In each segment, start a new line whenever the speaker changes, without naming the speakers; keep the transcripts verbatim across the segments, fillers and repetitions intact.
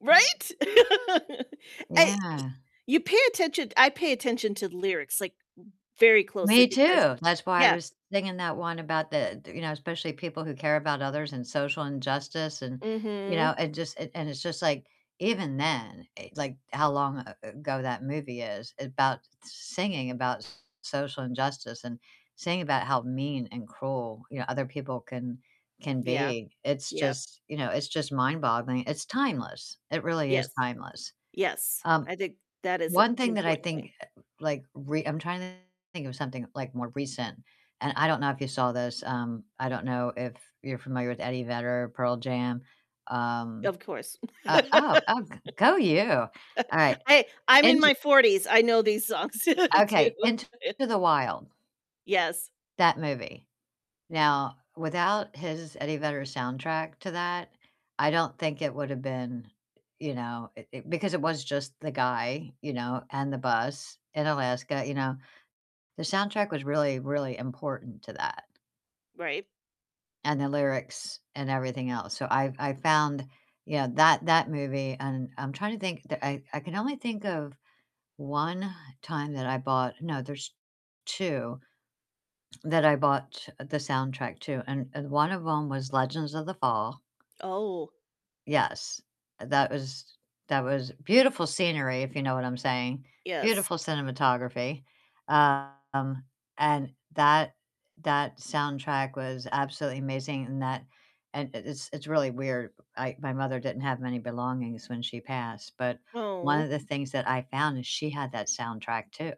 Right? I y
Yeah.
you pay attention, I pay attention to lyrics, like, very closely
Me
because
too, that's why I
Yeah.
was thinking that one about the, th you know, especially people who care about others and social injustice and you know,
Mhm.
and just and and it's just, like, even then, e like, how long a ago that movie is, about singing about social injustice and singing about how mean and cruel, you know, other people can can
Yeah.
be. It's
Yep.
just you know, it's just mind-boggling. It's timeless, it really is
Yes.
timeless.
Yes.
Um,
I think that is a
one thing that I
important
think,
thing.
like, re I'm trying to think of something, like, more recent, and I don't know if you saw this. Um, I don't know if you're familiar with Eddie Vedder, Pearl Jam. Um
Of course.
uh, oh, oh, g go you. All right,
I I'm in
Into
my forties, I know these songs too.
Okay. Into the Wild
Yes.
that movie. Now, without his Eddie Vedder soundtrack to that, I don't think it would've been, you know, it it Because it was just the guy, you know, and the bus in Alaska, you know. The soundtrack was really, really important to that
Right.
and the lyrics and everything else. So I I found, you know, that that movie, and I'm trying to think. The I I can only think of one time that I bought No, there's two that I bought the soundtrack to, and and one of 'em was Legends of the Fall.
Oh.
Yes, that was that was beautiful scenery, if you know what I'm saying,
Yes.
beautiful cinematography. Um, and that that soundtrack was absolutely amazing in that And it it's it's really weird. I my mother didn't have many belongings when she passed, but one
Oh.
of the things that I found is she had that soundtrack too,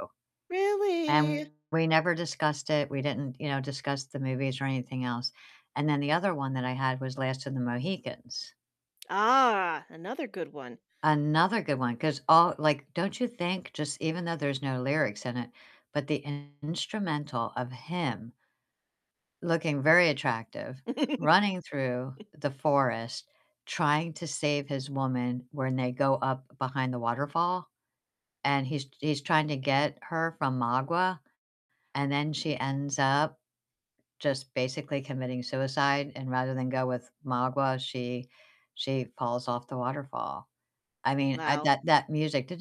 and
Really?
we never discussed it, we didn't, you know, discuss the movies or anything else. And then the other one that I had was Last of the Mohicans.
Ah, another good one.
Another good one, 'cause all like, don't you think just even though there's no lyrics in it, but the instrumental of him looking very attractive, running through the forest, trying to save his woman when they go up behind the waterfall, and he's he's trying to get her from Magua, and then she ends up just basically committing suicide. And rather than go with Magua, she she falls off the waterfall. I mean, I
Wow.
that that music,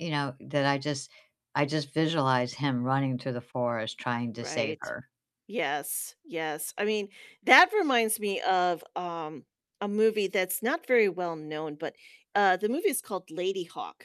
you know, that I just I just visualize him running through the forest trying to save
Right.
her.
Yes, yes. I mean, that reminds me of, um, a movie that's not very well-known, but, uh, the movie's called Ladyhawke.